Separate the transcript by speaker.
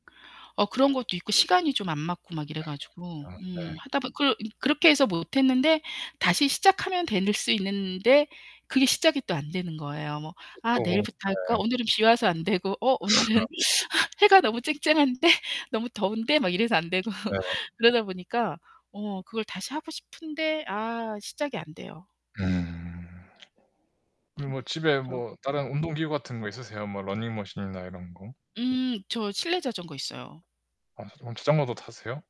Speaker 1: 어 그런 것도 있고 시간이 좀 안 맞고 막 이래 가지고
Speaker 2: 아. 아 네.
Speaker 1: 음 하다 보 그 그렇게 해서 못 했는데 다시 시작하면 될 수 있는데 그게 시작이 또 안 되는 거예요. 뭐
Speaker 2: 저
Speaker 1: '아
Speaker 2: 또
Speaker 1: 내일부터 할까?
Speaker 2: 네.
Speaker 1: 오늘은 비 와서 안 되고. 어
Speaker 2: 스너.
Speaker 1: 오늘은 해가 너무 쨍쨍한데? 너무 더운데?' 막 이래서 안 되고.
Speaker 2: 예.
Speaker 1: 그러다 보니까 어 그걸 다시 하고 싶은데 아 시작이 안 돼요.
Speaker 2: 음. 그럼
Speaker 1: 궁
Speaker 2: 뭐 집에
Speaker 1: 그렇죠.
Speaker 2: 뭐
Speaker 1: 음.
Speaker 2: 다른 운동 기구 같은 거 있으세요? 뭐 러닝머신이나 이런 거.
Speaker 1: 음 저 실내 자전거 있어요.
Speaker 2: 아 그럼 자전거도 타세요?